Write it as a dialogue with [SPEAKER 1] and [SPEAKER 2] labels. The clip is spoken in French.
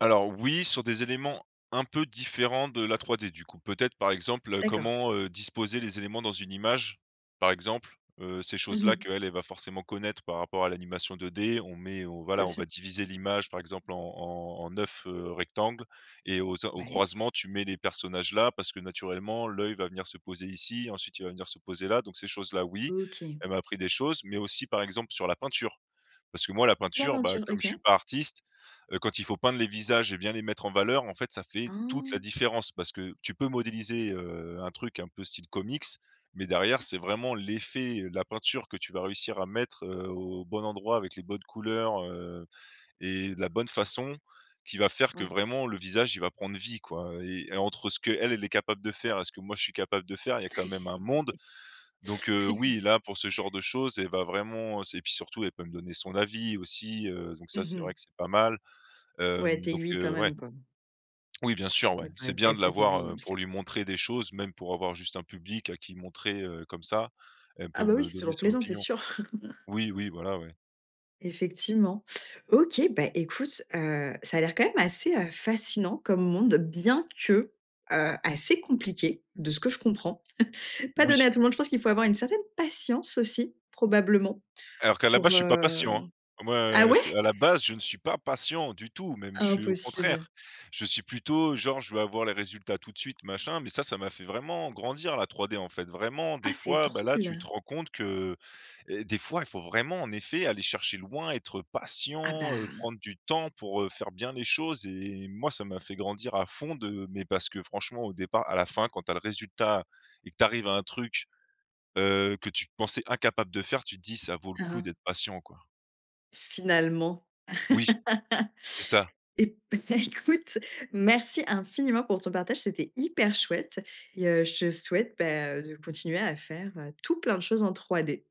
[SPEAKER 1] Alors oui, sur des éléments un peu différents de la 3D, du coup. Peut-être, par exemple, heu,
[SPEAKER 2] D'accord.
[SPEAKER 1] comment, heu, disposer les éléments dans une image. Par exemple, heu, ces
[SPEAKER 2] Mmh
[SPEAKER 1] choses là
[SPEAKER 2] mh.
[SPEAKER 1] qu'elle va forcément connaître par rapport à l'animation 2D. On met, heu,
[SPEAKER 2] Bien
[SPEAKER 1] voilà, on
[SPEAKER 2] sûr.
[SPEAKER 1] va diviser l'image, par exemple, en en en 9, heu, rectangles et au cen au
[SPEAKER 2] Ouais.
[SPEAKER 1] croisement, tu mets les personnages là parce que naturellement, l'œil va venir se poser ici, ensuite il va venir se poser là. Donc ces choses-là, oui,
[SPEAKER 2] OK.
[SPEAKER 1] elle m'a appris des choses. Mais aussi, par exemple, sur la peinture. Parce que moi, la
[SPEAKER 2] La
[SPEAKER 1] peinture, bah,
[SPEAKER 2] peinture,
[SPEAKER 1] comme
[SPEAKER 2] OK.
[SPEAKER 1] je suis pas artiste, heu, quand il faut peindre les visages et bien les mettre en valeur, en fait, ça fait toute la
[SPEAKER 2] Ah.
[SPEAKER 1] différence. Parce que tu peux modéliser, heu, un truc un peu style comics, mais derrière, c'est vraiment l'effet, heu, de la peinture que tu vas réussir à mettre, heu, au bon endroit, avec les bonnes couleurs, heu et de
[SPEAKER 2] OK.
[SPEAKER 1] la bonne façon, qui va faire que
[SPEAKER 2] Ouais.
[SPEAKER 1] vraiment le visage, il va prendre vie, quoi. Et entre ce qu'elle est capable de faire et ce que moi je suis capable de faire, il y quand même un monde. Donc, heu, oui, là, pour ce genre de choses, elle va vraiment, heu et puis surtout, elle peut me donner son avis aussi, heu. Donc ça,
[SPEAKER 2] Mmh
[SPEAKER 1] c'est
[SPEAKER 2] mh.
[SPEAKER 1] vrai que c'est pas mal.
[SPEAKER 2] Ouais, elle
[SPEAKER 1] Hem, donc
[SPEAKER 2] t'aiguille quand
[SPEAKER 1] heu, ouais.
[SPEAKER 2] même, quoi.
[SPEAKER 1] Oui, bien sûr, ouais,
[SPEAKER 2] Ouais,
[SPEAKER 1] c'est bien
[SPEAKER 2] elle
[SPEAKER 1] de
[SPEAKER 2] peut
[SPEAKER 1] l'avoir,
[SPEAKER 2] t'aiguiller en
[SPEAKER 1] heu,
[SPEAKER 2] tout
[SPEAKER 1] pour
[SPEAKER 2] cas.
[SPEAKER 1] lui montrer des choses, même pour avoir juste un public à qui montrer, heu, comme ça, elle
[SPEAKER 2] Ah
[SPEAKER 1] peut
[SPEAKER 2] bah, oui,
[SPEAKER 1] me
[SPEAKER 2] c'est
[SPEAKER 1] donner
[SPEAKER 2] toujours
[SPEAKER 1] son
[SPEAKER 2] plaisant, c'est
[SPEAKER 1] opinion.
[SPEAKER 2] sûr.
[SPEAKER 1] Oui, oui, voilà, ouais.
[SPEAKER 2] Effectivement. OK, bah écoute, heu, ça a l'air quand même assez, heu, fascinant comme monde, bien que, heu, assez compliqué, de ce que je comprends. Pas
[SPEAKER 1] Oui.
[SPEAKER 2] donné à tout le monde. Je pense qu'il faut avoir une certaine patience aussi, probablement,
[SPEAKER 1] Alors qu'à la base,
[SPEAKER 2] pour,
[SPEAKER 1] je suis pas
[SPEAKER 2] heu
[SPEAKER 1] patient, hein.
[SPEAKER 2] ah
[SPEAKER 1] Moi,
[SPEAKER 2] ouais?
[SPEAKER 1] je te à la base, je ne suis pas patient du tout. Même, je suis au
[SPEAKER 2] Impossible!
[SPEAKER 1] contraire. Je suis plutôt genre: «Je veux avoir les résultats tout de suite», machin. Mais ça ça m'a fait vraiment grandir, la 3D, en fait. Vraiment, des
[SPEAKER 2] Ah, c'est
[SPEAKER 1] fois, bah là, tu te
[SPEAKER 2] drôle.
[SPEAKER 1] rends compte que, heu, des fois, il faut vraiment en effet aller chercher loin, être
[SPEAKER 2] Ah,
[SPEAKER 1] patient, heu,
[SPEAKER 2] ben
[SPEAKER 1] prendre du temps pour, heu, faire bien les choses et moi, ça m'a fait grandir à fond de mais parce que franchement, au départ à la fin, quand tu as le résultat et que tu arrives à un truc, heu, que tu pensais incapable de faire, tu te dis: «Ça vaut le
[SPEAKER 2] Mmh
[SPEAKER 1] coup
[SPEAKER 2] mh.
[SPEAKER 1] d'être patient, quoi».
[SPEAKER 2] Finalement.
[SPEAKER 1] Oui. C'est ça.
[SPEAKER 2] Et bien écoute, merci infiniment pour ton partage, c'était hyper chouette et heu, je te souhaite, bah, heu, de continuer à faire, heu, tout plein de choses en 3D.